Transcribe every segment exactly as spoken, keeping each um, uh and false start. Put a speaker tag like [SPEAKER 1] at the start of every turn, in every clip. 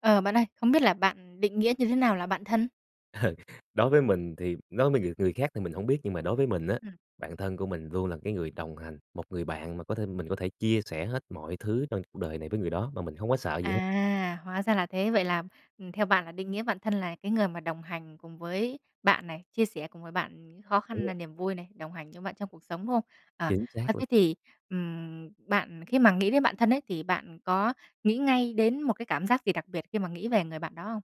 [SPEAKER 1] Ờ, bạn ơi, không biết là bạn định nghĩa như thế nào là bạn thân?
[SPEAKER 2] Ờ, đối với mình thì đối mới người người khác thì mình hông biết nhưng mà đối với mình á,
[SPEAKER 1] Ừm.
[SPEAKER 2] bạn thân của mình luôn là cái người đồng hành, một người bạn mà có thể mình có thể chia sẻ hết mọi thứ trong cuộc đời này với người đó mà mình hông có sợ gì hết.
[SPEAKER 1] À, hóa ra là thế. Vậy là, ừm, theo bạn là định nghĩa bạn thân là cái người mà đồng hành cùng với bạn này, chia sẻ cùng với bạn khó
[SPEAKER 2] Đúng
[SPEAKER 1] khăn
[SPEAKER 2] rồi.
[SPEAKER 1] nà niềm vui này, đồng hành với bạn trong cuộc sống, đúng không? Ờ,
[SPEAKER 2] Chính
[SPEAKER 1] ơ,
[SPEAKER 2] xác luôn.
[SPEAKER 1] thế thì, ừm, bạn khi mà nghĩ đến bạn thân ấy thì bạn có nghĩ ngay đến một cái cảm giác gì đặc biệt khi mà nghĩ về người bạn đó không?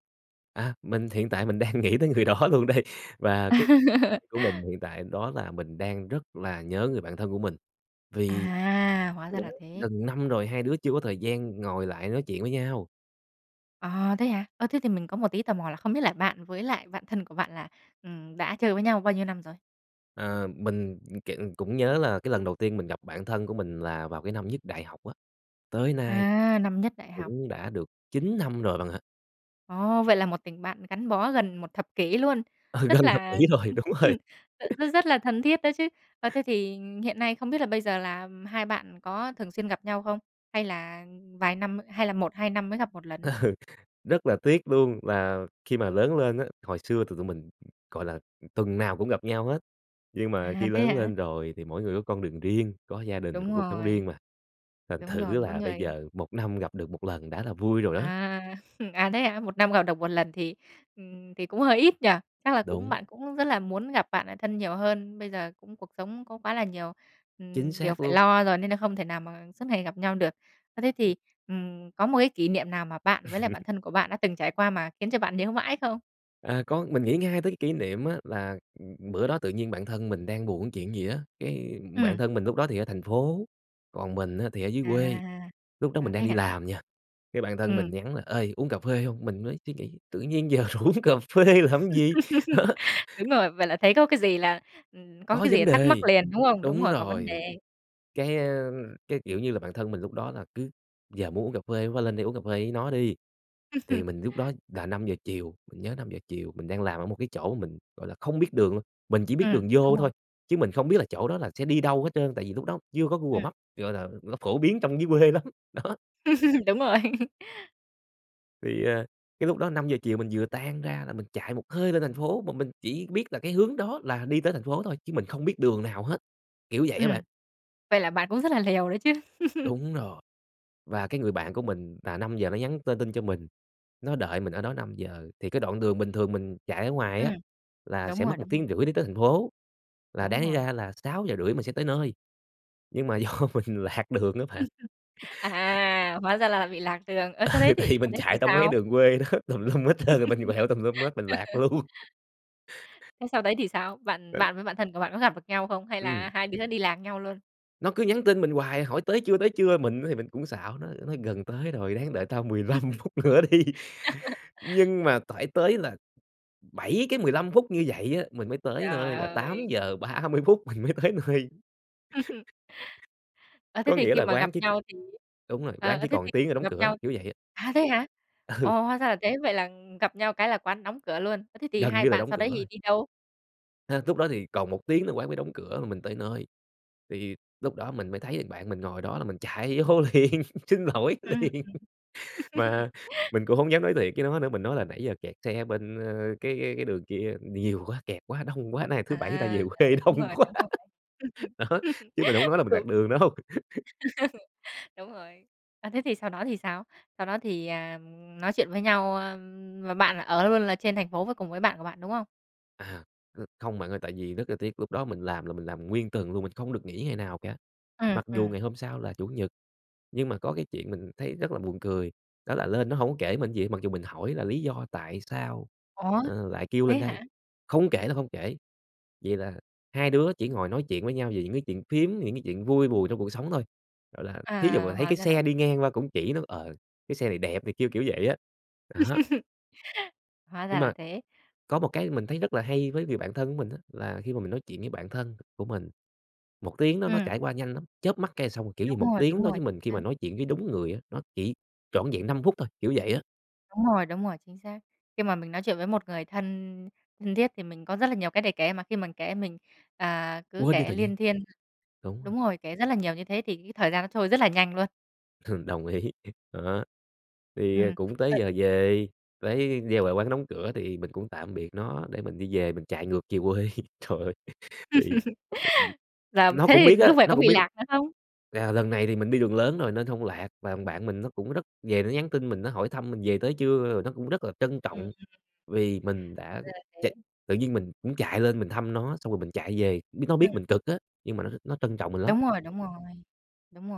[SPEAKER 2] À, mình hiện tại mình đang nghĩ tới người đó luôn đây và cái [unintelligible] của mình hiện tại đó là mình đang rất là nhớ người bạn thân của mình, vì
[SPEAKER 1] À, hóa ra là
[SPEAKER 2] [unintelligible]
[SPEAKER 1] thế.
[SPEAKER 2] gần năm rồi hai đứa chưa có thời gian ngồi lại nói chuyện với nhau.
[SPEAKER 1] À, thế hả? Ơ, thế thì mình có một tí tò mò là không biết là bạn với lại bạn thân của bạn là, ừm, đã chơi với nhau bao nhiêu năm rồi?
[SPEAKER 2] Ờ, mình, kiểu, cũng nhớ là cái lần đầu tiên mình gặp bạn thân của mình là vào cái năm nhất đại học á, tới nay
[SPEAKER 1] À, năm nhất đại học.
[SPEAKER 2] cũng đã được chín năm rồi bạn ạ.
[SPEAKER 1] Ồ, vậy là một tình bạn gắn bó gần một thập kỷ luôn.
[SPEAKER 2] Ờ, gần
[SPEAKER 1] Rất
[SPEAKER 2] thập
[SPEAKER 1] là
[SPEAKER 2] kỷ rồi, đúng rồi.
[SPEAKER 1] rất rất là thân thiết đó chứ. Ơ, thế thì hiện nay không biết là bây giờ là hai bạn có thường xuyên gặp nhau không? Hay là vài năm, hay là môt, hai năm mới gặp một lần?
[SPEAKER 2] Ừ, rất là tiếc luôn là khi mà lớn lên á hồi xưa thì tụi mình, gọi là, tuần nào cũng gặp nhau hết, nhưng mà
[SPEAKER 1] À,
[SPEAKER 2] khi
[SPEAKER 1] thế
[SPEAKER 2] lớn
[SPEAKER 1] hả?
[SPEAKER 2] lên rồi thì mỗi người có con đường riêng, có gia đình,
[SPEAKER 1] Đúng
[SPEAKER 2] có cuộc sống riêng
[SPEAKER 1] rồi.
[SPEAKER 2] mà, thành
[SPEAKER 1] Đúng
[SPEAKER 2] thử
[SPEAKER 1] rồi, mỗi
[SPEAKER 2] là bây
[SPEAKER 1] người
[SPEAKER 2] giờ một năm gặp được một lần đã là vui rồi á.
[SPEAKER 1] À, à, thế hả? Một năm gặp được một lần thì, ưm, thì cũng hơi ít nhỉ? Chắc là cũng
[SPEAKER 2] Đúng.
[SPEAKER 1] bạn cũng rất là muốn gặp bạn lại thân nhiều hơn. Bây giờ cũng cuộc sống có quá là nhiều,
[SPEAKER 2] Chính
[SPEAKER 1] ừm, điều
[SPEAKER 2] xác
[SPEAKER 1] phải
[SPEAKER 2] luôn.
[SPEAKER 1] lo rồi nên là không thể nào mà suốt ngày gặp nhau được. Ơ, thế
[SPEAKER 2] Ừ.
[SPEAKER 1] thì, ừm, có một cái kỷ niệm nào mà bạn với lại bạn thân của bạn đã từng trải qua mà khiến cho bạn nhớ mãi không?
[SPEAKER 2] À, có, mình nghĩ ngay tới cái kỷ niệm á là, ừ, bữa đó tự nhiên bạn thân mình đang buồn chuyện gì á, cái bạn
[SPEAKER 1] Ừm.
[SPEAKER 2] thân mình lúc đó thì ở thành phố, còn mình á thì ở dưới quê,
[SPEAKER 1] À.
[SPEAKER 2] lúc đó mình
[SPEAKER 1] À,
[SPEAKER 2] đang
[SPEAKER 1] thế
[SPEAKER 2] đi
[SPEAKER 1] hả?
[SPEAKER 2] làm nha, cái bạn thân mình
[SPEAKER 1] Ừm.
[SPEAKER 2] nhắn là "Ê, uống cà phê hông?" Mình mới suy nghĩ: "Tự nhiên giờ rủ uống cà phê làm gì?" Đó.
[SPEAKER 1] Đúng rồi, vậy là thấy có cái gì là ừ, có
[SPEAKER 2] Có
[SPEAKER 1] cái gì
[SPEAKER 2] vấn
[SPEAKER 1] là thắc mắc
[SPEAKER 2] đề.
[SPEAKER 1] liền, đúng không? Đúng
[SPEAKER 2] Đúng
[SPEAKER 1] rồi, có vấn
[SPEAKER 2] rồi,
[SPEAKER 1] đề.
[SPEAKER 2] cái, ơ, cái, kiểu, như là bạn thân mình lúc đó là cứ giờ muốn uống cà phê quá lên đây uống cà phê với nó đi. Thì mình lúc đó là năm giờ chiều, mình nhớ năm giờ chiều mình đang làm ở một cái chỗ mình, gọi là, không biết đường luôn, mình chỉ
[SPEAKER 1] Ừ,
[SPEAKER 2] biết đường vô
[SPEAKER 1] đúng rồi.
[SPEAKER 2] thôi chứ mình không biết là chỗ đó là sẽ đi đâu hết trơn, tại vì lúc đó chưa có Google
[SPEAKER 1] Ừm.
[SPEAKER 2] Map, gọi là nó phổ biến trong dưới quê lắm, đó.
[SPEAKER 1] Đúng rồi.
[SPEAKER 2] Thì, ờ, cái lúc đó năm giờ chiều mình vừa tan ra là mình chạy một hơi lên thành phố, mà mình chỉ biết là cái hướng đó là đi tới thành phố thôi chứ mình không biết đường nào hết, kiểu vậy á
[SPEAKER 1] Ừm,
[SPEAKER 2] bạn.
[SPEAKER 1] vậy là bạn cũng rất là liều đấy chứ.
[SPEAKER 2] Đúng rồi. Và cái người bạn của mình là năm giờ nó nhắn tin tin cho mình, nó đợi mình ở đó năm giờ, thì cái đoạn đường bình thường mình chạy ở ngoài á
[SPEAKER 1] Ừm,
[SPEAKER 2] là
[SPEAKER 1] đúng
[SPEAKER 2] sẽ
[SPEAKER 1] rồi,
[SPEAKER 2] mất một
[SPEAKER 1] đúng rồi.
[SPEAKER 2] tiếng rưỡi để tới thành phố, là đáng
[SPEAKER 1] Đúng
[SPEAKER 2] lý
[SPEAKER 1] rồi.
[SPEAKER 2] ra là sáu sáu giờ rưỡi sẽ tới nơi, nhưng mà do mình lạc đường á bạn.
[SPEAKER 1] À, hóa ra là bị lạc đường. Ơ, sau đấy
[SPEAKER 2] Ừ,
[SPEAKER 1] thì
[SPEAKER 2] thì
[SPEAKER 1] sau
[SPEAKER 2] mình
[SPEAKER 1] đấy thì
[SPEAKER 2] chạy trong mấy cái
[SPEAKER 1] sao?
[SPEAKER 2] đường quê đó, tùm lum hết trơn, mình quẹo tùm lum hết, mình lạc luôn.
[SPEAKER 1] Thế sau đấy thì sao? Bạn bạn với bạn thân của bạn có gặp được nhau không? Hay
[SPEAKER 2] Ừm.
[SPEAKER 1] là hai đứa đi lạc nhau luôn?
[SPEAKER 2] Nó cứ nhắn tin mình hoài hỏi: "Tới chưa, tới chưa?" Mình á thì mình cũng xạo nó, nói: "Gần tới rồi, ráng đợi tao mười lăm phút nữa đi." Nhưng mà tải tới là bảy cái mười lăm phút như vậy á, mình mới tới
[SPEAKER 1] Trời
[SPEAKER 2] nơi là tám
[SPEAKER 1] ơi!
[SPEAKER 2] giờ ba mươi phút mình mới tới nơi.
[SPEAKER 1] Ơ, thế
[SPEAKER 2] Có
[SPEAKER 1] thì
[SPEAKER 2] nghĩa
[SPEAKER 1] khi
[SPEAKER 2] là
[SPEAKER 1] mà gặp
[SPEAKER 2] quán chỉ c
[SPEAKER 1] nhau thì
[SPEAKER 2] đúng rồi, quán
[SPEAKER 1] ờ,
[SPEAKER 2] chỉ
[SPEAKER 1] thế thì
[SPEAKER 2] còn tiếng nữa đóng
[SPEAKER 1] gặp
[SPEAKER 2] cửa,
[SPEAKER 1] nhau
[SPEAKER 2] kiểu vậy á.
[SPEAKER 1] À, thế hả?
[SPEAKER 2] Ừ.
[SPEAKER 1] Ồ, hóa ra là thế, vậy là, ừm, gặp nhau cái là quán đóng cửa luôn. Ơ, thế thì
[SPEAKER 2] Gần
[SPEAKER 1] hai
[SPEAKER 2] như là
[SPEAKER 1] bạn
[SPEAKER 2] đóng
[SPEAKER 1] sau đấy
[SPEAKER 2] cửa
[SPEAKER 1] thì
[SPEAKER 2] rồi.
[SPEAKER 1] đi đâu?
[SPEAKER 2] Hơ, lúc đó thì còn một tiếng nữa quán mới đóng cửa là mình tới nơi, tại vì lúc đó mình mới thấy thằng bạn mình ngồi đó là mình chạy vô liền, xin lỗi
[SPEAKER 1] Ừm
[SPEAKER 2] liền.
[SPEAKER 1] hưm.
[SPEAKER 2] Mà mình cũng hông dám nói thiệt với nó nữa, mình nói là "Nãy giờ kẹt xe bên, ơ, cái cái cái đường kia nhiều quá, kẹt quá, đông quá, nay là thứ
[SPEAKER 1] À,
[SPEAKER 2] Bảy người ta về quê
[SPEAKER 1] ờ, đúng
[SPEAKER 2] đông
[SPEAKER 1] rồi,
[SPEAKER 2] quá."
[SPEAKER 1] đúng rồi.
[SPEAKER 2] Đó, chứ mình hông nói là mình lạc
[SPEAKER 1] Cũng
[SPEAKER 2] đường đâu.
[SPEAKER 1] đúng rồi. À, thế thì sau đó thì sao? Sau đó thì, à, ừm, nói chuyện với nhau, ơm, và bạn là ở luôn là trên thành phố với cùng với bạn của bạn, đúng không?
[SPEAKER 2] À, ơ, không bạn ơi, tại vì rất là tiếc lúc đó mình làm là mình làm nguyên tuần luôn, mình không được nghỉ ngày nào cả,
[SPEAKER 1] Ừm,
[SPEAKER 2] mặc dù
[SPEAKER 1] ừm.
[SPEAKER 2] ngày hôm sau là Chủ nhật. Nhưng mà có cái chuyện mình thấy rất là buồn cười, đó là lên nó hổng kể mình gì hết, mặc dù mình hỏi là lý do tại sao,
[SPEAKER 1] Ủa,
[SPEAKER 2] ờ, lại kêu
[SPEAKER 1] thế
[SPEAKER 2] lên đây,
[SPEAKER 1] hả?
[SPEAKER 2] không kể là không kể. Vậy là hai đứa chỉ ngồi nói chuyện với nhau về những cái chuyện phiếm, những cái chuyện vui buồn trong cuộc sống thôi, gọi là, thí dụ
[SPEAKER 1] À,
[SPEAKER 2] mà thấy
[SPEAKER 1] hóa
[SPEAKER 2] cái
[SPEAKER 1] ra là
[SPEAKER 2] xe đi
[SPEAKER 1] thế.
[SPEAKER 2] ngang qua cũng chỉ nói, ờ, cái xe này đẹp này kia, kiểu vậy á, đó.
[SPEAKER 1] Hóa ra
[SPEAKER 2] Nhưng
[SPEAKER 1] là
[SPEAKER 2] mà
[SPEAKER 1] thế.
[SPEAKER 2] có một cái mình thấy rất là hay với người bạn thân của mình á, là khi mà mình nói chuyện với bạn thân của mình một tiếng đó nó
[SPEAKER 1] Ừm.
[SPEAKER 2] trải qua nhanh lắm, chớp mắt cái xong. Kiểu như một
[SPEAKER 1] Đúng rồi,
[SPEAKER 2] tiếng
[SPEAKER 1] đúng
[SPEAKER 2] đối
[SPEAKER 1] rồi,
[SPEAKER 2] với mình
[SPEAKER 1] chính
[SPEAKER 2] khi mà
[SPEAKER 1] xác.
[SPEAKER 2] nói chuyện với đúng người á, nó chỉ vỏn vẹn năm phút thôi, kiểu vậy á.
[SPEAKER 1] Đúng rồi, đúng rồi, chính xác. Khi mà mình nói chuyện với một người thân thân thiết thì mình có rất là nhiều cái để kể, mà khi mình kể mình, à, cứ
[SPEAKER 2] Quên đi
[SPEAKER 1] kể
[SPEAKER 2] thời gian.
[SPEAKER 1] luyên thuyên.
[SPEAKER 2] Đúng rồi.
[SPEAKER 1] Đúng rồi, kể rất là nhiều như thế thì cái thời gian nó trôi rất là nhanh luôn.
[SPEAKER 2] Ừm, đồng ý, đó. Thì, ờ,
[SPEAKER 1] Ừm.
[SPEAKER 2] cũng tới
[SPEAKER 1] Ờ
[SPEAKER 2] giờ về với giao lại quán đóng cửa thì mình cũng tạm biệt nó để mình đi về, mình chạy ngược về quê, trời ơi thì ừm,
[SPEAKER 1] Làm
[SPEAKER 2] nó
[SPEAKER 1] thế
[SPEAKER 2] cũng
[SPEAKER 1] thì
[SPEAKER 2] biết á
[SPEAKER 1] lúc về
[SPEAKER 2] nó
[SPEAKER 1] có
[SPEAKER 2] cũng
[SPEAKER 1] bị
[SPEAKER 2] biết
[SPEAKER 1] lạc nữa không?
[SPEAKER 2] là lần này thì mình đi đường lớn rồi nên hông lạc và thằng bạn mình nó cũng rất về nó nhắn tin mình, nó hỏi thăm mình về tới chưa? Rồi nó cũng rất là trân
[SPEAKER 1] Ừm.
[SPEAKER 2] trọng, vì mình
[SPEAKER 1] Hoá
[SPEAKER 2] đã
[SPEAKER 1] ra là
[SPEAKER 2] chạy
[SPEAKER 1] thế.
[SPEAKER 2] tự nhiên mình cũng chạy lên mình thăm nó, xong rồi mình chạy về, biết nó
[SPEAKER 1] Ừm.
[SPEAKER 2] biết mình cực á, nhưng mà nó nó trân trọng mình lắm.
[SPEAKER 1] Đúng rồi, đúng rồi. Đúng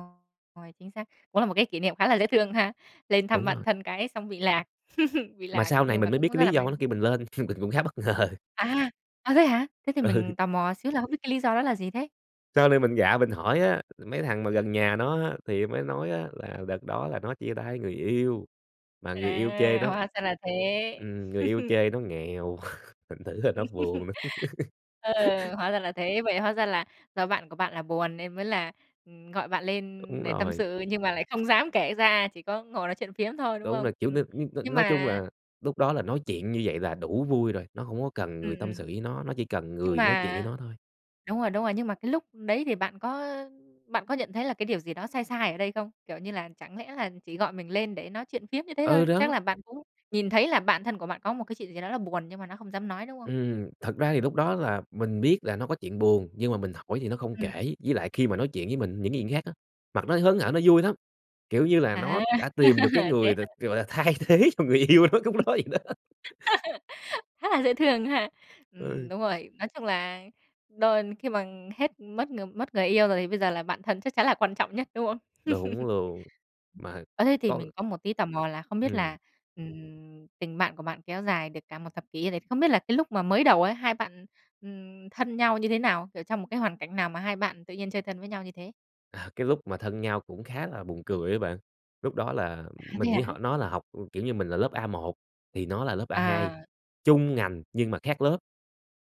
[SPEAKER 1] rồi, chính xác. Cũng là một cái kỷ niệm khá là dễ thương ha. Lên thăm
[SPEAKER 2] Đúng
[SPEAKER 1] bạn
[SPEAKER 2] rồi.
[SPEAKER 1] thân cái xong bị lạc, bị
[SPEAKER 2] Mà
[SPEAKER 1] lạc
[SPEAKER 2] sau này
[SPEAKER 1] nhưng mà
[SPEAKER 2] mình mới biết
[SPEAKER 1] cũng
[SPEAKER 2] cái
[SPEAKER 1] rất là
[SPEAKER 2] lý
[SPEAKER 1] may.
[SPEAKER 2] do nó kêu mình lên mình cũng khá bất ngờ.
[SPEAKER 1] À, à, thế hả? Thế thì
[SPEAKER 2] Ừ.
[SPEAKER 1] mình tò mò xíu là không biết cái lý do đó là gì thế?
[SPEAKER 2] Sau này mình gạ mình hỏi á, mấy thằng mà gần nhà nó á thì mới nói á là đợt đó là nó chia tay người yêu mà người yêu chê
[SPEAKER 1] À,
[SPEAKER 2] nó
[SPEAKER 1] hoá ra là thế.
[SPEAKER 2] ừm, người yêu chê nó nghèo, thành thử là nó buồn đó.
[SPEAKER 1] Ừ, hóa ra là thế. Vậy hóa ra là do bạn của bạn là buồn nên mới là, ừm, gọi bạn
[SPEAKER 2] Đúng
[SPEAKER 1] lên để tâm
[SPEAKER 2] rồi.
[SPEAKER 1] sự nhưng mà lại không dám kể ra, chỉ có ngồi nói chuyện phiếm thôi, đúng
[SPEAKER 2] Đúng
[SPEAKER 1] không?
[SPEAKER 2] rồi, kiểu,
[SPEAKER 1] Ừ,
[SPEAKER 2] n n
[SPEAKER 1] nhưng
[SPEAKER 2] nói chung
[SPEAKER 1] mà
[SPEAKER 2] là lúc đó là nói chuyện như vậy là đủ vui rồi, nó hông có cần
[SPEAKER 1] Ừm,
[SPEAKER 2] người tâm
[SPEAKER 1] ừm.
[SPEAKER 2] sự với nó, nó chỉ cần
[SPEAKER 1] Nhưng
[SPEAKER 2] người nói chuyện với
[SPEAKER 1] mà
[SPEAKER 2] nó thôi.
[SPEAKER 1] đúng rồi, đúng rồi. Nhưng mà cái lúc đấy thì bạn có, ơ, bạn có nhận thấy là cái điều gì đó sai sai ở đây không? Kiểu, như là chẳng lẽ là chỉ gọi mình lên để nói chuyện phiếm như thế
[SPEAKER 2] Ừ,
[SPEAKER 1] thôi? Chắc
[SPEAKER 2] đó.
[SPEAKER 1] là bạn cũng nhìn thấy là bạn thân của bạn có một cái chuyện gì đó là buồn nhưng mà nó không dám nói, đúng không?
[SPEAKER 2] Ừm, thật ra thì lúc đó là mình biết là nó có chuyện buồn nhưng mà mình hỏi thì nó không
[SPEAKER 1] Ừm.
[SPEAKER 2] kể, với lại khi mà nói chuyện với mình những cái chuyện khác á, mặt nó hớn hở nó vui lắm, kiểu, như là nó
[SPEAKER 1] À,
[SPEAKER 2] đã tìm được cái
[SPEAKER 1] thế
[SPEAKER 2] người t
[SPEAKER 1] hả?
[SPEAKER 2] gọi là, thay thế cho người yêu nó lúc đó
[SPEAKER 1] Ừm.
[SPEAKER 2] vậy đó.
[SPEAKER 1] Khá là dễ thương ha. Ừm,
[SPEAKER 2] Ừ.
[SPEAKER 1] đúng rồi. Nói chung là đôi khi mà hết mất ng mất người yêu rồi thì bây giờ là bạn thân chắc chắn là quan trọng nhất, đúng không?
[SPEAKER 2] Đúng luôn, mà,
[SPEAKER 1] Ơ, thế thì
[SPEAKER 2] có
[SPEAKER 1] mình có một tí tò mò là không biết là,
[SPEAKER 2] Ừm.
[SPEAKER 1] ừm, tình bạn của bạn kéo dài được cả một thập kỷ như thế, không biết là cái lúc mà mới đầu ấy, hai bạn, ừm, thân nhau như thế nào? Kiểu, trong một cái hoàn cảnh nào mà hai bạn tự nhiên chơi thân với nhau như thế?
[SPEAKER 2] À, cái lúc mà thân nhau cũng khá là buồn cười á bạn. Lúc đó là
[SPEAKER 1] À, thế
[SPEAKER 2] mình
[SPEAKER 1] hả?
[SPEAKER 2] với họ nó là học, kiểu, như mình là lớp A một thì nó là lớp A hai,
[SPEAKER 1] À.
[SPEAKER 2] chung ngành nhưng mà khác lớp.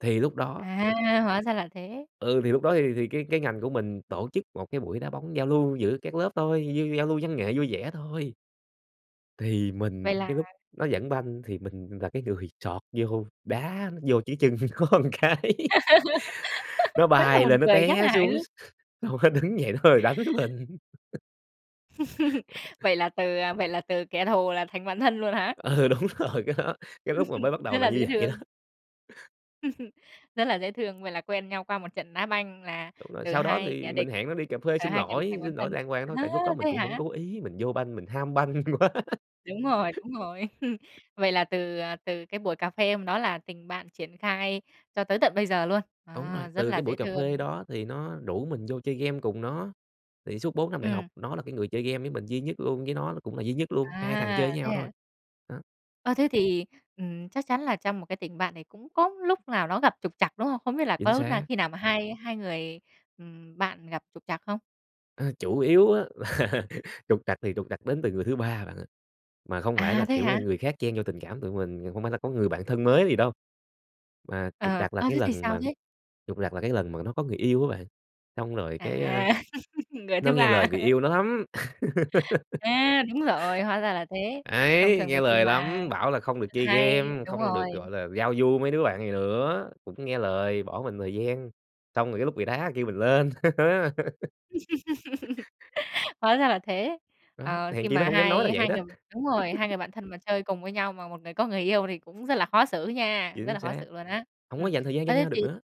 [SPEAKER 2] Thì lúc đó
[SPEAKER 1] À, hóa ra là thế!
[SPEAKER 2] Ừ, thì lúc đó thì thì cái cái ngành của mình tổ chức một cái buổi đá bóng giao lưu giữa các lớp thôi, như giao lưu văn nghệ vui vẻ thôi. Thì
[SPEAKER 1] Vậy
[SPEAKER 2] mình
[SPEAKER 1] là
[SPEAKER 2] cái lúc nó dẫn banh thì mình là cái người chọt vô, đá vô cái chân nó cái. Nó
[SPEAKER 1] Khá là
[SPEAKER 2] bay
[SPEAKER 1] buồn
[SPEAKER 2] lên, nó
[SPEAKER 1] cười, khá
[SPEAKER 2] té
[SPEAKER 1] là hài
[SPEAKER 2] xuống,
[SPEAKER 1] hước.
[SPEAKER 2] xong nó đứng dậy nó đòi đánh mình.
[SPEAKER 1] Vậy là từ vậy là từ kẻ thù là thành bạn thân luôn hả?
[SPEAKER 2] Ừ, đúng rồi, cái đó, cái lúc mà mới bắt đầu
[SPEAKER 1] Rất
[SPEAKER 2] là
[SPEAKER 1] là dễ
[SPEAKER 2] như vậy đó.
[SPEAKER 1] thương. Rất là dễ thương. Vậy là quen nhau qua một trận đá banh là
[SPEAKER 2] Ừ, mà
[SPEAKER 1] từ
[SPEAKER 2] sau đó
[SPEAKER 1] hai kẻ
[SPEAKER 2] thì mình
[SPEAKER 1] địch,
[SPEAKER 2] hẹn nó đi cà phê
[SPEAKER 1] là
[SPEAKER 2] xin
[SPEAKER 1] hai kẻ địch thành
[SPEAKER 2] lỗi.
[SPEAKER 1] bạn
[SPEAKER 2] Xin lỗi
[SPEAKER 1] thân.
[SPEAKER 2] đàng hoàng thôi
[SPEAKER 1] Ơ,
[SPEAKER 2] tại lúc đó mình
[SPEAKER 1] thế
[SPEAKER 2] cũng hổng
[SPEAKER 1] hả?
[SPEAKER 2] cố ý, mình vô banh mình ham banh quá.
[SPEAKER 1] Đúng rồi, đúng rồi. Vậy là từ từ cái buổi cà phê hôm đó là tình bạn triển khai cho tới tận bây giờ luôn?
[SPEAKER 2] Đúng
[SPEAKER 1] À,
[SPEAKER 2] rồi,
[SPEAKER 1] rất
[SPEAKER 2] từ
[SPEAKER 1] là
[SPEAKER 2] cái
[SPEAKER 1] dễ
[SPEAKER 2] buổi cà phê
[SPEAKER 1] thương.
[SPEAKER 2] đó thì nó rủ mình vô chơi game cùng nó. Thì suốt bốn năm đại học
[SPEAKER 1] Ừm.
[SPEAKER 2] nó là cái người chơi game với mình duy nhất luôn, với nó là cũng là duy nhất luôn, hai thằng chơi
[SPEAKER 1] À,
[SPEAKER 2] với
[SPEAKER 1] thế
[SPEAKER 2] nhau thôi.
[SPEAKER 1] hả?
[SPEAKER 2] Đó.
[SPEAKER 1] Ơ, thế thì, ừm, chắc chắn là trong một cái tình bạn thì cũng có lúc nào nó gặp trục trặc, đúng không? Không biết là có
[SPEAKER 2] Chính
[SPEAKER 1] lúc nào,
[SPEAKER 2] xác.
[SPEAKER 1] khi nào mà hai hai người, ừm, bạn gặp trục trặc không?
[SPEAKER 2] A, chủ yếu á là trục trặc thì trục trặc đến từ người thứ ba bạn ơi. Mà không phải
[SPEAKER 1] À,
[SPEAKER 2] là,
[SPEAKER 1] thế
[SPEAKER 2] kiểu là,
[SPEAKER 1] hả?
[SPEAKER 2] người khác chen vô tình cảm tụi mình, không phải là có người bạn thân mới gì đâu. Mà trục
[SPEAKER 1] Ờ,
[SPEAKER 2] trặc là
[SPEAKER 1] ơ,
[SPEAKER 2] cái
[SPEAKER 1] thế thì
[SPEAKER 2] lần
[SPEAKER 1] sao
[SPEAKER 2] mà
[SPEAKER 1] thế?
[SPEAKER 2] trục trặc là cái lần mà nó có người yêu á bạn, xong rồi cái, a,
[SPEAKER 1] À. Người
[SPEAKER 2] nó
[SPEAKER 1] thứ
[SPEAKER 2] nghe
[SPEAKER 1] ba
[SPEAKER 2] lời người
[SPEAKER 1] hả?
[SPEAKER 2] yêu nó lắm.
[SPEAKER 1] A! Đúng rồi, hóa ra là thế. Thông
[SPEAKER 2] Ấy,
[SPEAKER 1] thường thì
[SPEAKER 2] nghe
[SPEAKER 1] khi
[SPEAKER 2] lời
[SPEAKER 1] mà
[SPEAKER 2] lắm, bảo là không được chơi
[SPEAKER 1] hay,
[SPEAKER 2] game,
[SPEAKER 1] đúng
[SPEAKER 2] không được,
[SPEAKER 1] rồi.
[SPEAKER 2] gọi là, giao du mấy đứa bạn này nữa, cũng nghe lời bỏ mình thời gian, xong rồi cái lúc bị đá kêu mình lên.
[SPEAKER 1] Hóa ra là thế.
[SPEAKER 2] Đó,
[SPEAKER 1] Ờ, khi
[SPEAKER 2] hèn chi nó
[SPEAKER 1] mà
[SPEAKER 2] hổng dám
[SPEAKER 1] hai
[SPEAKER 2] nói là vậy
[SPEAKER 1] hai
[SPEAKER 2] đó.
[SPEAKER 1] người đúng rồi, hai người bạn thân mà chơi cùng với nhau mà một người có người yêu thì cũng rất là khó xử nha, rất
[SPEAKER 2] Chính
[SPEAKER 1] là khó
[SPEAKER 2] xác,
[SPEAKER 1] xử luôn á.
[SPEAKER 2] hổng có
[SPEAKER 1] Ừm,
[SPEAKER 2] dành thời gian cho
[SPEAKER 1] ơ, thế
[SPEAKER 2] nhau
[SPEAKER 1] thì
[SPEAKER 2] được nữa.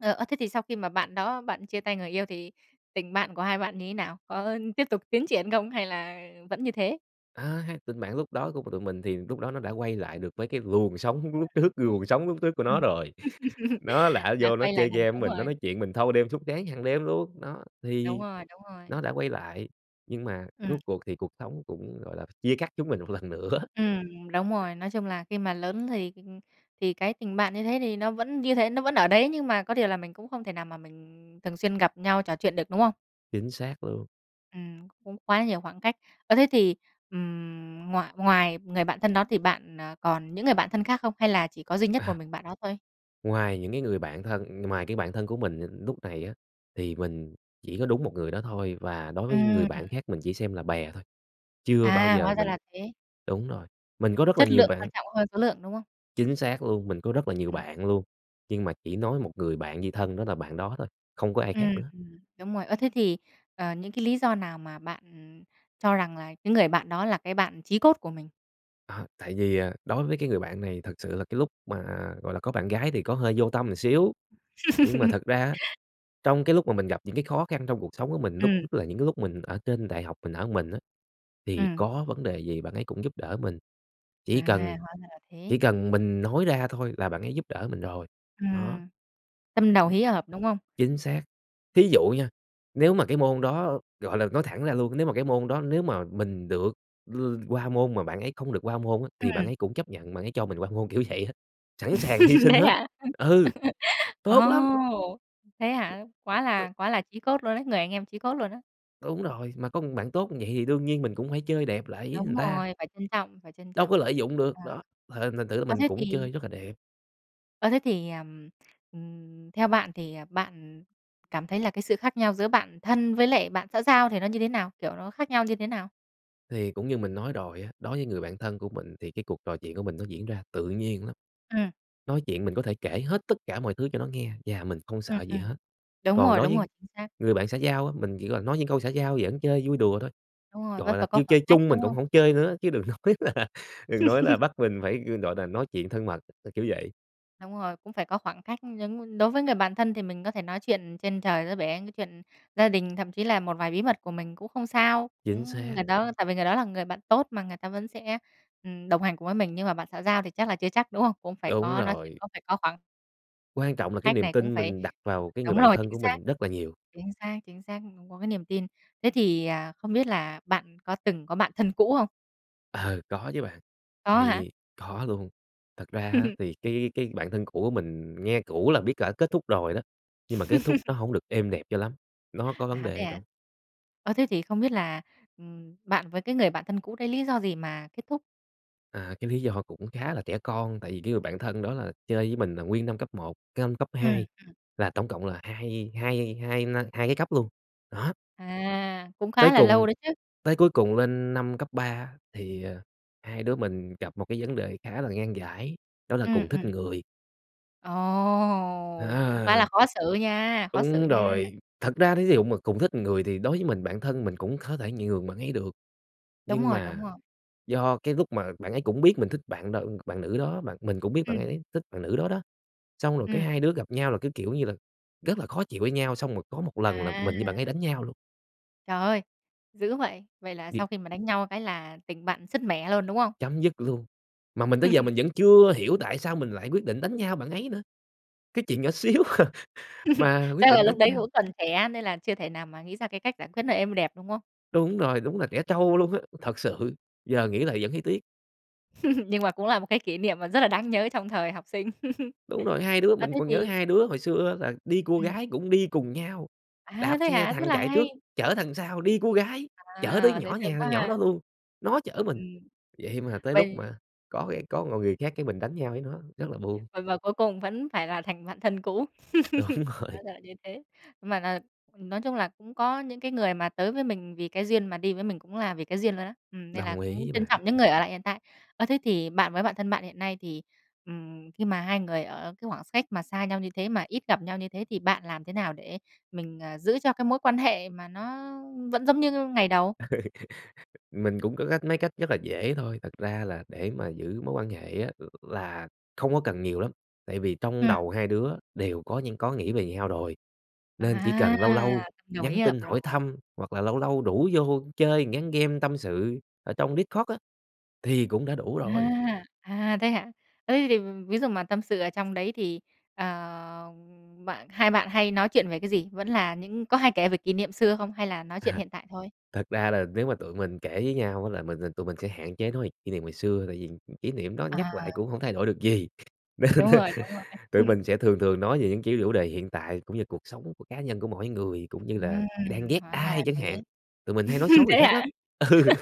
[SPEAKER 1] ờ, ơ, thế thì sau khi mà bạn đó bạn chia tay người yêu thì tình bạn của hai bạn như nào? Có, ơ, tiếp tục tiến triển không hay là vẫn như thế?
[SPEAKER 2] Ơ ha, tình bạn lúc đó của t tụi mình thì lúc đó nó đã quay lại được mấy cái luồng sóng lúc
[SPEAKER 1] [unintelligible]
[SPEAKER 2] trước, luồng sóng lúc trước của nó
[SPEAKER 1] Ừm,
[SPEAKER 2] rồi. Nó là á
[SPEAKER 1] đã
[SPEAKER 2] vô nó
[SPEAKER 1] quay lại
[SPEAKER 2] chơi
[SPEAKER 1] nguồn
[SPEAKER 2] game
[SPEAKER 1] sống
[SPEAKER 2] mình,
[SPEAKER 1] rồi.
[SPEAKER 2] nó nói chuyện mình thâu đêm suốt sáng hằng đêm luôn, đó,
[SPEAKER 1] Đúng
[SPEAKER 2] thì
[SPEAKER 1] rồi, đúng
[SPEAKER 2] nó
[SPEAKER 1] rồi.
[SPEAKER 2] đã quay lại. Nhưng mà
[SPEAKER 1] Ừm.
[SPEAKER 2] rốt cuộc thì cuộc sống cũng, gọi là, chia cắt chúng mình một lần nữa.
[SPEAKER 1] Ừm, đúng rồi. Nói chung là khi mà lớn thì, ưm, thì cái tình bạn như thế thì nó vẫn như thế, nó vẫn ở đấy nhưng mà có điều là mình cũng không thể nào mà mình thường xuyên gặp nhau trò chuyện được, đúng không?
[SPEAKER 2] Chính xác luôn.
[SPEAKER 1] Ừm, cũng quá nhiều khoảng cách. Ơ, thế thì, ừm, ngoài ngoài người bạn thân đó thì bạn, à, còn những người bạn thân khác không? Hay là chỉ có duy nhất
[SPEAKER 2] Ờ.
[SPEAKER 1] một mình bạn đó thôi?
[SPEAKER 2] Ngoài những cái người bạn thân ngoài cái bạn thân của mình, ờ, núc này á thì mình chỉ có đúng một người đó thôi và đối với những người bạn
[SPEAKER 1] Ừm.
[SPEAKER 2] khác mình chỉ xem là bè thôi. Chưa bao
[SPEAKER 1] À,
[SPEAKER 2] giờ
[SPEAKER 1] hóa ra
[SPEAKER 2] mình
[SPEAKER 1] là thế.
[SPEAKER 2] đúng rồi, mình có rất là
[SPEAKER 1] Chất
[SPEAKER 2] nhiều
[SPEAKER 1] lượng
[SPEAKER 2] bạn
[SPEAKER 1] quan trọng hơn số lượng, đúng không?
[SPEAKER 2] Chính xác luôn. Mình có rất là nhiều
[SPEAKER 1] Ừm.
[SPEAKER 2] bạn luôn, nhưng mà chỉ nói một người bạn như thân đó là bạn đó thôi, không có ai khác
[SPEAKER 1] Ừm,
[SPEAKER 2] nữa.
[SPEAKER 1] ừm, đúng rồi. Ơ, thế thì, ờ, những cái lý do nào mà bạn, ừm, cho rằng là cái người bạn đó là cái bạn chí cốt của mình?
[SPEAKER 2] Ờ, tại vì, à, đối với cái người bạn này thật sự là cái lúc mà, gọi là, có bạn gái thì có hơi vô tâm ừn xíu. Nhưng mà thật ra á, trong cái lúc mà mình gặp những cái khó khăn trong cuộc sống của mình lúc
[SPEAKER 1] Ừm.
[SPEAKER 2] nhất là những cái lúc mình ở trên đại học mình ở mình á, thì
[SPEAKER 1] Ừm.
[SPEAKER 2] có vấn đề gì bạn ấy cũng giúp đỡ mình,
[SPEAKER 1] À,
[SPEAKER 2] chỉ cần
[SPEAKER 1] hóa ra là thế.
[SPEAKER 2] chỉ cần mình nói ra thôi là bạn ấy giúp đỡ mình rồi, đó.
[SPEAKER 1] Ừm, tâm đầu ý hợp, đúng không?
[SPEAKER 2] Chính xác. Thí dụ nha, nếu mà cái môn đó, gọi là, nói thẳng ra luôn, nếu mà cái môn đó nếu mà mình được l qua môn mà bạn ấy không được qua môn á thì bạn
[SPEAKER 1] Ừm.
[SPEAKER 2] ấy cũng chấp nhận bạn ấy cho mình qua môn, kiểu, vậy á, sẵn sàng hy sinh
[SPEAKER 1] Thế
[SPEAKER 2] hết.
[SPEAKER 1] hả?
[SPEAKER 2] Ừ,
[SPEAKER 1] Ồ!
[SPEAKER 2] tốt lắm!
[SPEAKER 1] Thế hả? Quá
[SPEAKER 2] T
[SPEAKER 1] là quá là chí cốt luôn ấy, người anh em chí cốt luôn á.
[SPEAKER 2] Đúng rồi, mà có bạn tốt như vậy thì đương nhiên mình cũng phải chơi đẹp lại với
[SPEAKER 1] Đúng
[SPEAKER 2] ừn ta.
[SPEAKER 1] rồi, phải trân trọng, phải trân
[SPEAKER 2] Đâu
[SPEAKER 1] trọng.
[SPEAKER 2] có lợi dụng
[SPEAKER 1] À,
[SPEAKER 2] được, đó, th thành thử là
[SPEAKER 1] ơ,
[SPEAKER 2] mình
[SPEAKER 1] thế
[SPEAKER 2] cũng
[SPEAKER 1] thì
[SPEAKER 2] chơi rất là đẹp.
[SPEAKER 1] Ơ, thế thì, ừm, ừm, theo bạn thì, à, bạn, ừm, cảm thấy là cái sự khác nhau giữa bạn thân với lại bạn xã giao thì nó như thế nào? Kiểu, nó khác nhau như thế nào?
[SPEAKER 2] Thì cũng như mình nói rồi á, đối với người bạn thân của mình thì cái cuộc trò chuyện của mình nó diễn ra tự nhiên lắm.
[SPEAKER 1] Ừm.
[SPEAKER 2] Nói chuyện mình có thể kể hết tất cả mọi thứ cho nó nghe và mình không
[SPEAKER 1] Ừm,
[SPEAKER 2] sợ gì
[SPEAKER 1] ừm.
[SPEAKER 2] hết.
[SPEAKER 1] Đúng
[SPEAKER 2] Còn
[SPEAKER 1] rồi,
[SPEAKER 2] đối
[SPEAKER 1] đúng
[SPEAKER 2] với
[SPEAKER 1] rồi, chính xác.
[SPEAKER 2] người bạn xã giao á, mình chỉ cần nói những câu xã giao giỡn chơi vui đùa thôi,
[SPEAKER 1] Đúng rồi, vẫn
[SPEAKER 2] gọi
[SPEAKER 1] phải
[SPEAKER 2] là,
[SPEAKER 1] có
[SPEAKER 2] kêu
[SPEAKER 1] khoảng
[SPEAKER 2] chơi
[SPEAKER 1] cách,
[SPEAKER 2] chung
[SPEAKER 1] đúng
[SPEAKER 2] mình cũng
[SPEAKER 1] không?
[SPEAKER 2] hổng chơi nữa chứ đừng nói là đừng nói là bắt mình phải, ư, gọi nà, nói chuyện thân mật, ơ, kiểu vậy.
[SPEAKER 1] Đúng rồi, cũng phải có khoảng cách giống nh đối với người bạn thân thì mình có thể nói chuyện trên trời dưới bể, cái chuyện gia đình, thậm chí là một vài bí mật của mình cũng không sao.
[SPEAKER 2] Chính
[SPEAKER 1] Ưm,
[SPEAKER 2] xác.
[SPEAKER 1] người đó tại vì người đó là người bạn tốt mà người ta vẫn sẽ, ừm, đồng hành cùng với mình, nhưng mà bạn xã giao thì chắc là chưa chắc, đúng không? Cũng phải
[SPEAKER 2] Đúng
[SPEAKER 1] có nói chuyện,
[SPEAKER 2] rồi.
[SPEAKER 1] cũng phải có khoảng
[SPEAKER 2] Quan trọng là cái
[SPEAKER 1] cách
[SPEAKER 2] niềm
[SPEAKER 1] này cũng
[SPEAKER 2] tin
[SPEAKER 1] phải
[SPEAKER 2] mình đặt vào cái người
[SPEAKER 1] đúng
[SPEAKER 2] bạn
[SPEAKER 1] rồi,
[SPEAKER 2] thân
[SPEAKER 1] chính
[SPEAKER 2] của
[SPEAKER 1] xác,
[SPEAKER 2] mình rất là nhiều.
[SPEAKER 1] chính xác, chính xác, cũng có cái niềm tin. Thế thì, à, không biết là bạn có từng có bạn thân cũ hông?
[SPEAKER 2] Ờ, có chứ bạn
[SPEAKER 1] Có hả?
[SPEAKER 2] thì có luôn. Thật ra á thì cái cái bạn thân cũ của mình nghe cũ là biết cỡ kết thúc rồi đó, nhưng mà kết thúc nó hổng được êm đẹp cho lắm, nó có vấn
[SPEAKER 1] À,
[SPEAKER 2] đề
[SPEAKER 1] thế
[SPEAKER 2] ở
[SPEAKER 1] hả?
[SPEAKER 2] trong.
[SPEAKER 1] Ơ, thế thì không biết là, ừm, bạn với cái người bạn thân cũ đấy lý do gì mà kết thúc?
[SPEAKER 2] À, cái lý do cũng khá là trẻ con, tại vì cái người bạn thân đó là chơi với mình là nguyên năm cấp một, cái năm cấp
[SPEAKER 1] Ừm,
[SPEAKER 2] hai
[SPEAKER 1] ừm.
[SPEAKER 2] là tổng cộng là hai hai hai năm hai cái cấp luôn, đó.
[SPEAKER 1] À, cũng khá
[SPEAKER 2] Tới
[SPEAKER 1] là lâu
[SPEAKER 2] cùng
[SPEAKER 1] đấy chứ.
[SPEAKER 2] tới cuối cùng lên năm cấp ba á thì, à, hai đứa mình gặp một cái vấn đề khá là ngan giải đó là
[SPEAKER 1] Ừm,
[SPEAKER 2] cùng thích
[SPEAKER 1] ừm.
[SPEAKER 2] người.
[SPEAKER 1] Ồ, cũng khá
[SPEAKER 2] À!
[SPEAKER 1] là khó xử nha, khó xử
[SPEAKER 2] Đúng
[SPEAKER 1] nha!
[SPEAKER 2] rồi, thật ra thí dụ mà cùng thích người thì đối với mình, bạn thân mình cũng có thể nhường bạn ấy được.
[SPEAKER 1] Đúng
[SPEAKER 2] Nhưng
[SPEAKER 1] rồi, đúng
[SPEAKER 2] mà
[SPEAKER 1] rồi.
[SPEAKER 2] do cái lúc mà bạn ấy cũng biết mình thích bạn nữ bạn nữ đó mà mình cũng biết bạn ấy
[SPEAKER 1] Ừm.
[SPEAKER 2] ấy thích bạn nữ đó đó, xong rồi cái
[SPEAKER 1] Ừm.
[SPEAKER 2] hai đứa gặp nhau là cái, kiểu như là, rất là khó chịu với nhau xong rồi có một lần là
[SPEAKER 1] À!
[SPEAKER 2] mình với bạn ấy đánh nhau luôn.
[SPEAKER 1] Trời ơi, dữ vậy. Vậy là sau
[SPEAKER 2] Bị
[SPEAKER 1] khi mà đánh nhau cái là tình bạn sứt mẻ luôn, đúng không?
[SPEAKER 2] Chấm dứt luôn. Mà mình tới giờ mình vẫn chưa hiểu tại sao mình lại quyết định đánh nhau bạn ấy nữa. Cái chuyện nhỏ xíu à mà quyết
[SPEAKER 1] Chắc là
[SPEAKER 2] định
[SPEAKER 1] lúc
[SPEAKER 2] đánh
[SPEAKER 1] đấy
[SPEAKER 2] nhau.
[SPEAKER 1] cũng còn trẻ nên là chưa thể nào mà nghĩ ra cái cách giải quyết nó êm đẹp, đúng không?
[SPEAKER 2] Đúng rồi, đúng là trẻ trâu luôn á! Thật sự, giờ nghĩ lại vẫn thấy tiếc.
[SPEAKER 1] Nhưng mà cũng là một cái kỷ niệm mà rất là đáng nhớ trong thời học sinh.
[SPEAKER 2] Đúng rồi, hai đứa
[SPEAKER 1] À,
[SPEAKER 2] mình
[SPEAKER 1] thế
[SPEAKER 2] còn nhớ
[SPEAKER 1] thì
[SPEAKER 2] hai đứa hồi xưa là đi cua
[SPEAKER 1] Ừm.
[SPEAKER 2] gái cũng đi cùng nhau,
[SPEAKER 1] À,
[SPEAKER 2] đạp
[SPEAKER 1] thế
[SPEAKER 2] xe
[SPEAKER 1] hả? Rất
[SPEAKER 2] thằng
[SPEAKER 1] là
[SPEAKER 2] chạy trước,
[SPEAKER 1] hay.
[SPEAKER 2] chở thằng sau đi cua gái, chở tới
[SPEAKER 1] À, dễ
[SPEAKER 2] nhỏ
[SPEAKER 1] thương
[SPEAKER 2] nhà
[SPEAKER 1] quá
[SPEAKER 2] thằng nhỏ
[SPEAKER 1] ha.
[SPEAKER 2] đó luôn, nó chở mình.
[SPEAKER 1] Ừm.
[SPEAKER 2] Vậy mà tới lúc
[SPEAKER 1] Vậy
[SPEAKER 2] mà có cái có một người khác cái mình đánh nhau với nó, rất là buồn.
[SPEAKER 1] Và và cuối cùng vẫn phải là thành bạn thân cũ.
[SPEAKER 2] Đúng
[SPEAKER 1] Hóa
[SPEAKER 2] rồi.
[SPEAKER 1] ra là như thế. Mà là nói chung là, cũng có những cái người mà tới với mình vì cái duyên mà đi với mình cũng là vì cái duyên luôn á. Ừm, nên là
[SPEAKER 2] Đồng ý
[SPEAKER 1] cũng
[SPEAKER 2] với
[SPEAKER 1] trân
[SPEAKER 2] bạn.
[SPEAKER 1] trọng những người ở lại hiện tại. Ơ, thế thì bạn với bạn thân bạn hiện nay thì, ừm, khi mà hai người ở cái khoảng x cách mà xa nhau như thế, mà ít gặp nhau như thế thì bạn làm thế nào để mình, ờ, giữ cho cái mối quan hệ mà nó vẫn giống như ngày đầu?
[SPEAKER 2] Ừ. Mình cũng có cách mấy cách rất là dễ thôi, thật ra là để mà giữ mối quan hệ á l là không có cần nhiều lắm, tại vì trong
[SPEAKER 1] Ừm.
[SPEAKER 2] đầu hai đứa đều có những có nghĩ về nhau rồi, nên chỉ
[SPEAKER 1] À,
[SPEAKER 2] cần lâu lâu nhắn tin
[SPEAKER 1] [unintelligible]
[SPEAKER 2] hỏi
[SPEAKER 1] rồi.
[SPEAKER 2] thăm, hoặc là lâu lâu rủ vô chơi một ván game tâm sự ở trong Discord á thì cũng đã đủ rồi.
[SPEAKER 1] À. À, thế hả? Ơ, thế thì ví dụ mà tâm sự ở trong đấy thì, ờ, ừm, bạn hai bạn hay nói chuyện về cái gì? Vẫn là những có hay kể về kỷ niệm xưa không? Hay là nói chuyện
[SPEAKER 2] À.
[SPEAKER 1] hiện tại thôi?
[SPEAKER 2] Thật ra là nếu mà tụi mình kể với nhau á là mình tụi mình sẽ hạn chế nói về kỷ niệm ngày xưa, tại vì, ừm, kỷ niệm đó
[SPEAKER 1] À.
[SPEAKER 2] nhắc lại cũng hông thay đổi được gì, nên,
[SPEAKER 1] Đúng
[SPEAKER 2] ơ,
[SPEAKER 1] rồi, đúng rồi.
[SPEAKER 2] tụi
[SPEAKER 1] Ừm.
[SPEAKER 2] mình sẽ thường thường nói về những, kiểu, chủ đề hiện tại cũng như cuộc sống của cá nhân của mỗi người, cũng như là
[SPEAKER 1] Ừm.
[SPEAKER 2] đang ghét
[SPEAKER 1] Hóa ra là
[SPEAKER 2] ai chẳng
[SPEAKER 1] thế.
[SPEAKER 2] hạn, tụi mình hay nói xấu người
[SPEAKER 1] Thế
[SPEAKER 2] khác
[SPEAKER 1] hả?
[SPEAKER 2] lắm. Ừ.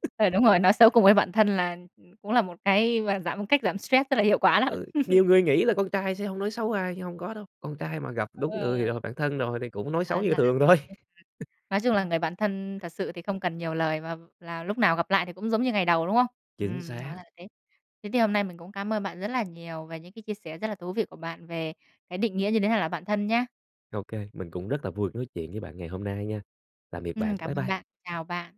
[SPEAKER 1] Ừ, đúng rồi, nói xấu cùng với bạn thân là, ừm, cũng là một cái, gọi là, giảm một cách giảm stress rất là hiệu quả đó.
[SPEAKER 2] Ừ, nhiều người nghĩ là con trai sẽ hông nói xấu ai nhưng hông có đâu, con trai mà gặp đúng người
[SPEAKER 1] À.
[SPEAKER 2] rồi, bạn thân rồi thì cũng nói
[SPEAKER 1] Hóa
[SPEAKER 2] xấu
[SPEAKER 1] ra
[SPEAKER 2] như
[SPEAKER 1] là
[SPEAKER 2] thường
[SPEAKER 1] thế,
[SPEAKER 2] thôi.
[SPEAKER 1] ừm. Nói chung là người bạn thân thật sự thì không cần nhiều lời, và là lúc nào gặp lại thì cũng giống như ngày đầu, đúng không?
[SPEAKER 2] Chính
[SPEAKER 1] Ừm, hóa ra
[SPEAKER 2] xác.
[SPEAKER 1] là thế. Thế thì hôm nay mình cũng cám ơn bạn rất là nhiều về những cái chia sẻ rất là thú vị của bạn về cái định nghĩa như thế nào là bạn thân nhá.
[SPEAKER 2] Ô kê, mình cũng rất là vui được nói chuyện với bạn ngày hôm nay nha. Tạm biệt bạn.
[SPEAKER 1] Ừm, cảm
[SPEAKER 2] Bye
[SPEAKER 1] ơn
[SPEAKER 2] bye.
[SPEAKER 1] bạn. Chào bạn.